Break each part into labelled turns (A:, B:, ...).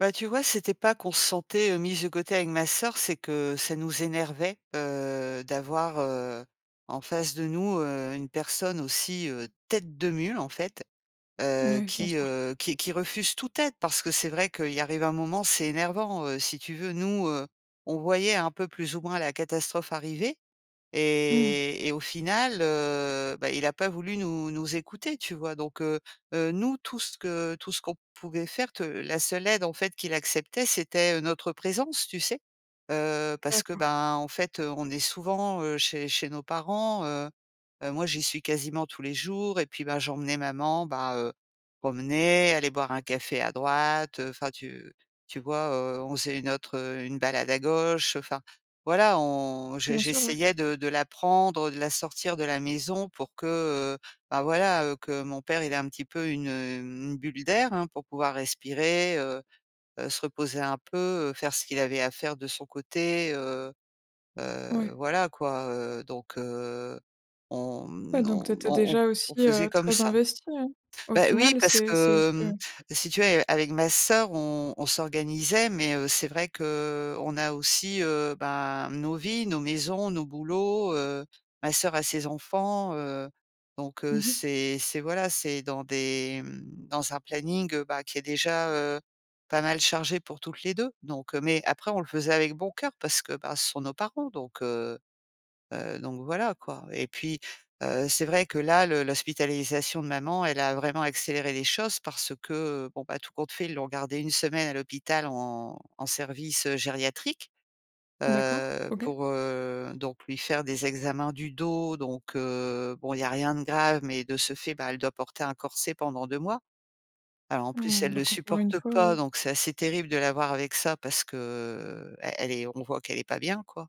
A: Bah, tu vois, c'était pas qu'on se sentait, heu, mises de côté avec ma sœur, c'est que ça nous énervait, heu, d'avoir, heu, en face de nous, heu, une personne aussi, heu, tête de mule, en fait, heu,
B: Mouais, bien
A: qui,
B: sûr.
A: heu, qui qui refuse toute aide. Parce que c'est vrai qu'il arrive un moment, c'est énervant, heu, si tu veux. Nous, heu, on voyait un peu, plus ou moins, la catastrophe arriver
B: Mmh.
A: et et au final, heu, bah, il a pas voulu nous nous écouter, tu vois? Donc, heu, heu, nous, tout ce que tout ce qu'on pouvait faire, te la seule aide en fait qu'il acceptait, c'était, heu, notre présence, tu sais? Heu, parce que,
B: D'accord.
A: ben, en fait, heu, on est souvent, heu, chez chez nos parents, heu, heu, moi, j'y suis quasiment tous les jours et puis, ben, j'emmenais maman, bah, heu, promener, aller boire un café à droite. Heu, enfin, tu tu vois, heu, on faisait une autre, heu, une balade à gauche. Heu, enfin, voilà, on j'e
B: Bien sûr, ouais.
A: j'essayais de de la prendre, heu, de la sortir de la maison pour que, heu, bah, voilà, heu, que mon père, il ait un petit peu une, hem, une bulle d'air, hein, pour pouvoir respirer, heu, heu, se reposer un peu, heu, faire ce qu'il avait à faire de son côté, heu, heu.
B: Ouais.
A: Voilà quoi, heu. Donc heu, on,
B: Ouais,
A: mmh,
B: donc, tu
A: on
B: étais
A: on on f
B: déjà
A: on
B: aussi,
A: faisait
B: heu,
A: comme
B: très
A: ça.
B: investie hein? Au
A: Bah oui,
B: final,
A: parce
B: c'est c'est
A: que,
B: ce
A: mmh, si tu veux, a avec ma sœur, on on s'organisait. Mais, heu, c'est vrai qu'on a aussi, heu, ben, nos vies, nos maisons, nos boulots, heu. Ma sœur a ses enfants, heu. Donc, heu,
B: Mmh mh.
A: c'est c'est voilà, c'est dans des, mmh, dans un planning, heu, bah, qui est déjà, heu, pas mal chargé pour toutes les 2. Donc, heu, mais après, on le faisait avec bon cœur parce que, bah, ce sont nos parents donc, heu, heu, donc voilà, quoi. Et puis, heu, c'est vrai que là, le l'hospitalisation de maman, elle a vraiment accéléré les choses parce que, bon, bah, tout compte fait, ils l'ont gardé 1 semaine à l'hôpital en en service, heu, gériatrique,
B: D'accord,
A: heu,
B: OK.
A: pour, heu, donc lui faire des examens du dos. Donc, heu, bon, il y a rien de grave, mais de ce fait, bah, elle doit porter un corset pendant 2 mois. Alors, en plus,
B: Mmh,
A: elle le
B: donc, encore 1
A: supporte
B: fois.
A: pas. Donc c'est assez terrible de la voir avec ça, parce que, e elle est on voit qu'elle est pas bien, quoi.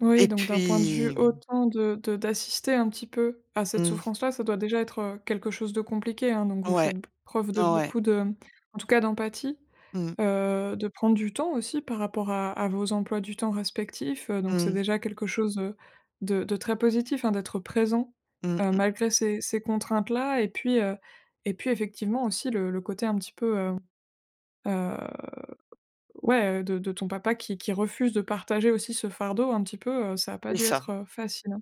B: Oui,
A: Et
B: donc, d'un point de vue,
A: puis, mmh
B: autant de de d'assister un petit peu à cette
A: Mmh.
B: souffrance là, ça doit déjà être, heu, quelque chose de compliqué, hein. Donc, vous
A: Ouais,
B: faites b preuve de
A: ouais.
B: beaucoup de, mmh, en tout cas d'empathie,
A: Mmh.
B: heu, de prendre du temps aussi par rapport à à vos emplois du temps respectifs, heu, donc c'est
A: Mmh.
B: déjà quelque chose, heu, de de très positif, hein, d'être présent,
A: Mmh
B: heu,
A: mh.
B: malgré ces ces contraintes là et puis, heu et puis, effectivement aussi le le côté un petit peu, hem, heu, ouais, heu, de de ton papa qui qui refuse de partager aussi ce fardeau un petit peu, heu, ça a pas
A: C'est
B: dû
A: ça.
B: être, heu, facile, hein.